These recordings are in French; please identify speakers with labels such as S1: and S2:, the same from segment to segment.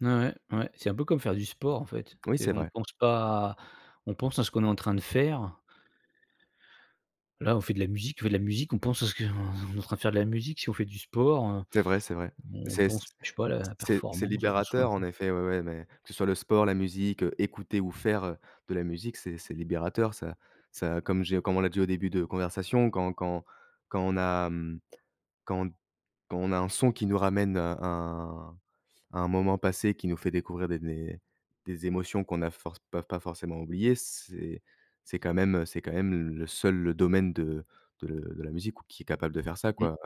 S1: Ouais, ouais, ouais. C'est un peu comme faire du sport en fait.
S2: Oui,
S1: C'est
S2: c'est
S1: qu'on
S2: vrai.
S1: pense pas à on pense à ce qu'on est en train de faire. Là, on fait de la musique, on fait de la musique, on pense à ce qu'on on est en train de faire de la musique. Si on fait du sport, heu,
S2: C'est vrai, c'est vrai.
S1: bon on
S2: C'est c
S1: pense, je sais pas, à la
S2: c'est c'est
S1: performance, heu, dont soi en
S2: libérateur en
S1: plus.
S2: effet ouais, ouais, mais que ce soit le sport, la musique, heu, écouter ou faire, heu, de la musique, c'est c'est libérateur. Ça ça comme j'ai comme on l'a dit au début de notre conversation, quand quand quand on a, mmh, quand quand on a un son qui nous ramène, heu, un à un moment passé, qui nous fait découvrir des des des émotions qu'on n'a force pas pas forcément oubliées, c'est c'est quand même, heu, c'est quand même le seul le domaine de de le de la musique ou qui est capable de faire ça
S1: Mmh.
S2: quoi.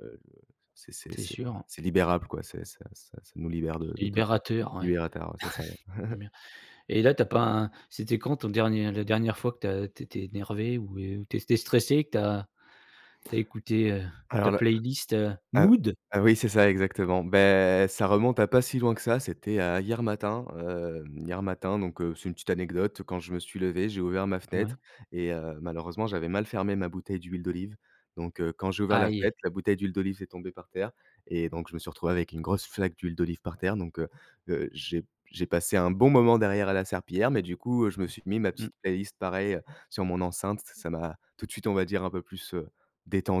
S2: Heu le c'est c'est
S1: C'est
S2: c'est c'est
S1: sûr.
S2: c'est libérable quoi, ça ça ça nous libère de
S1: C'est
S2: de tout ça.
S1: libérateur ouais.
S2: Libérata, ouais c'est ça ouais.
S1: En bien. Et là tu as pas un c'était quand ton dernier la dernière fois que tu as que tu étais énervé ou et ou tu é tu étais stressé et que tu as tu as écouté, heu, ta
S2: Alors là,
S1: playlist, heu,
S2: heu
S1: mood?
S2: heu heu, oui c'est ça exactement. Bah, ça remonte à pas si loin que ça. C'était, heu, hier matin, heu, hier matin donc, heu, c'est une petite anecdote. Quand je me suis levé j'ai ouvert ma fenêtre
S1: Ouais.
S2: et heu, malheureusement j'avais mal fermé ma bouteille d'huile d'olive. Donc, heu, quand j'ai ouvert la
S1: AÏe.
S2: fenêtre, la bouteille d'huile d'olive est tombée par terre et donc je me suis retrouvé avec une grosse flaque d'huile d'olive par terre. Donc, heu heu, j'ai p j'ai passé un bon moment derrière à la serpillière, mais du coup, heu, je me suis mis ma
S1: Mmh.
S2: petite playlist pareil sur mon enceinte. Ç ça m'a tout de suite on va dire un peu plus, heu,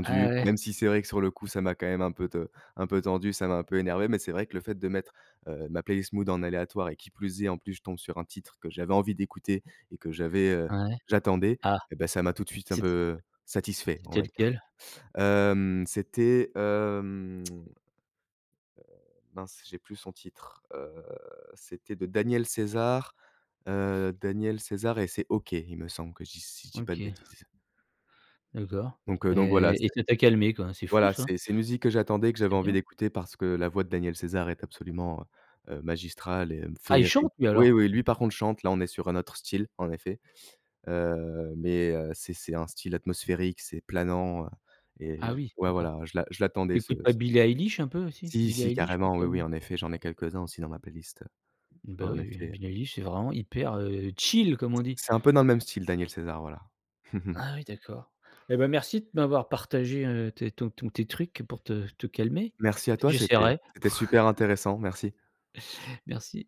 S1: Ah ouais.
S2: même si c'est vrai que sur le coup ça m'a quand même un peu t un peu tendu, ça m'a un peu énervé, mais c'est vrai que le fait de mettre, heu, ma playlist mood en aléatoire et qui plus est, en plus je tombe sur un titre que j'avais envie d'écouter et que j'avais, heu,
S1: Ah ouais?
S2: j'attendais
S1: Ah.
S2: et bah ça m'a tout de suite un
S1: C'est t
S2: peu, satisfait
S1: c'est
S2: on va
S1: tel
S2: dire.
S1: quel?
S2: Hem c'était, hem, heu, mince, j'ai plus son titre. Heu, c'était de Daniel César, heu, Daniel César et c'est «OK», il me semble que je dis si je dis pas de
S1: OK.
S2: bêtises.
S1: D'accord.
S2: Donc, heu, donc voilà,
S1: Et et
S2: c'est
S1: ça t'a calmé quoi. C'est fou
S2: voilà,
S1: ça.
S2: c'est c'est une musique que j'attendais, que
S1: C'est
S2: j'avais envie
S1: bien.
S2: d'écouter, parce que la voix de Daniel César est absolument, heu heu, magistrale et
S1: Ah il
S2: féérique
S1: chante lui
S2: oui,
S1: alors?
S2: oui, lui par contre chante, là on est sur un autre style, en effet. Heu, mais, heu, c'est c'est un style atmosphérique, c'est planant, heu et
S1: Ah
S2: je
S1: oui
S2: ouais
S1: d'accord.
S2: voilà, je l'a je l'attendais
S1: Tu
S2: ce
S1: écoutes pas
S2: ce
S1: Billie Eilish un peu aussi?
S2: Si,
S1: Billie
S2: si
S1: Eilish pour
S2: carrément.
S1: te
S2: Oui, oui
S1: calmer.
S2: en effet j'en ai quelques-uns aussi dans ma playlist, heu,
S1: Bah
S2: en
S1: oui, oui,
S2: effet.
S1: Billie Eilish c'est vraiment hyper, heu, chill comme on dit.
S2: C'est un peu dans le même style Daniel César. Voilà.
S1: Ah oui d'accord et bah merci de m'avoir partagé, heu, tes ton ton tes trucs pour te te calmer.
S2: Merci à
S1: Peut être que
S2: toi. C'était
S1: j'essaierai.
S2: c'était super intéressant, merci.
S1: Merci.